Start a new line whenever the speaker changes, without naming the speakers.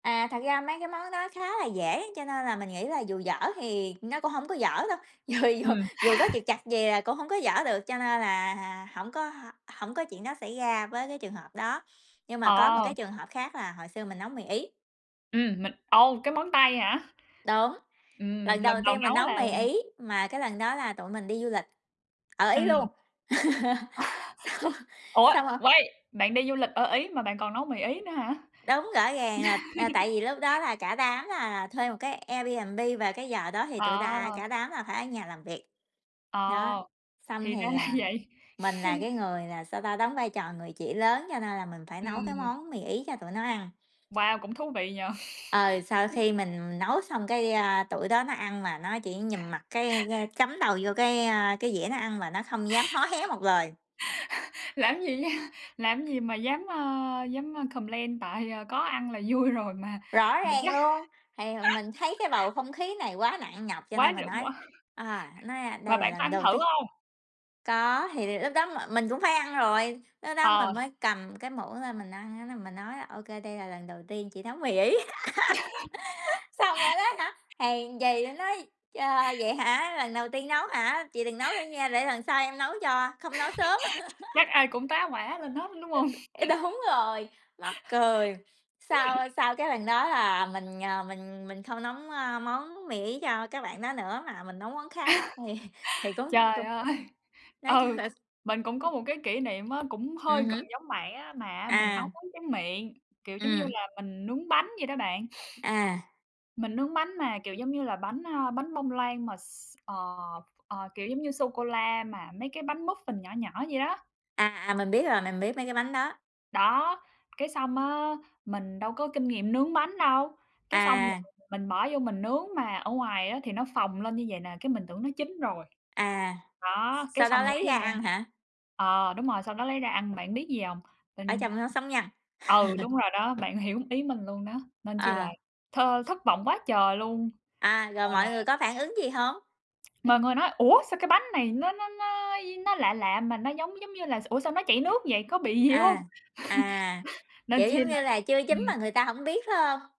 À, thật ra mấy cái món đó khá là dễ, cho nên là mình nghĩ là dù dở thì nó cũng hông có dở đâu, dù dù
Ừm.
dù có trục trặc gì là cũng hông có dở được, cho nên là hà hổng có h hổng có chuyện đó xảy ra với cái trường hợp đó, nhưng mà có một cái
Ờ.
trường hợp khác là hồi xưa mình nấu mì Ý.
Ừm, mình ồ, cái món Tây hả?
Đúng,
Ừm,
lần
lần
đầu
đầu
tiên mình
nấu
nấu
là
mì
là
Ý, mà cái lần đó là tụi mình đi du lịch ở Ý
Ừm.
luôn. Xong
Ủa,
xong [unintelligible]
wait, bạn đi du lịch ở Ý mà bạn còn nấu mì Ý nữa hả?
Đúng, rõ ràng là, à, tại vì lúc đó là cả đám là thuê 1 cái Airbnb và cái giờ đó thì tụi ta
À!
cả đám là phải ở nhà làm việc.
Ờ,
Đó, xong
thì ra
thì,
là
à,
vậy.
mình là cái người, là sao ta, đóng vai trò người chị lớn cho nên là mình phải nấu cái
Ừm.
món mì Ý cho tụi nó ăn.
Wow! Cũng thú vị nhỉ?
Ờ, sau khi mình nấu xong cái, a, tụi đó nó ăn mà nó chỉ nhìn mặt cái cái cắm đầu vô cái, a, cái dĩa nó ăn mà nó không dám hó hé một lời.
Làm gì d làm gì mà dám, a dám, a, complain tại, à, có ăn là vui rồi mà
Rõ
mà
ràng
chắc
luôn, thì mình thấy cái bầu không khí này quá nặng nhọc cho
Quá
nên mình
trời
nói,
quá
à, nói, a, "Đây
Mà
là
bạn có
lần
ăn
đầu
thử
tiên."
hông?
Có, thì lúc đó m mình cũng phải ăn rồi, lúc đó mình
Ờ.
mới cầm cái muỗng lên mình ăn á là mình nói: "Ô kê, đây là lần đầu tiên chị nấu mì Ý." Xong rồi đó hả, hèn gì nó nói: "Trời, vậy hả, lần đầu tiên nấu hả? Chị đừng nấu nữa nha, để lần sau em nấu cho, không nói sớm."
Chắc ai cũng tá hoả lên hết, đúng hông?
Ê, đúng rồi, mắc cười, sau
[unintelligible]
sau cái lần đó là mình, ờ, mình mình không nấu, a, món mì Ý cho các bạn đó nữa, mà mình nấu món khác thì thì cũng
Trời
[unintelligible]
ơi!
nói
Ừ,
[unintelligible]
mình cũng có một cái kỷ niệm á, cũng hơi
Ừm
gần
hứm.
giống bạn á, mà á mình nấu
À.
món tráng miệng, kiểu giống như
Ừm.
là, mình nướng bánh vậy đó bạn.
À.
Mình nướng bánh mà kiểu giống như là bánh, à, bánh bông lan mà s ờ, ờ, kiểu, giống như sô cô la mà mấy cái bánh muffin nhỏ nhỏ vậy đó.
À, à, mình biết rồi, mình biết mấy cái bánh đó.
Đó, cái xong á, mình đâu có kinh nghiệm nướng bánh đâu, cái xong mình
À.
mình bỏ vô mình nướng mà ở ngoài á thì nó phồng lên như vậy nè, cái mình tưởng nó chín rồi.
À.
Đó, cái
Sau đó
xong lấy
lấy ra
r
ăn hả?
ờ, đúng rồi, sau đó lấy ra ăn, bạn biết gì hông?
Ở
Tình
trong nó sống nhăn.
ừ, đúng rồi đó, bạn hiểu ý mình luôn đó, nên chỉ là
À.
th thất vọng quá trời luôn.
À, rồi
Rồi mà
mọi người có phản ứng gì hông?
Mọi người nói: "Ủa, sao cái bánh này nó nó nó dí nó lạ lạ mà nó giống giống như là ủa sao nó chảy nước vậy, có bị gì hông?"
À, à,
Nên
kiểu
chi
giống
là
như là, chưa chín mà
ừm.
người ta hổng biết phải hông?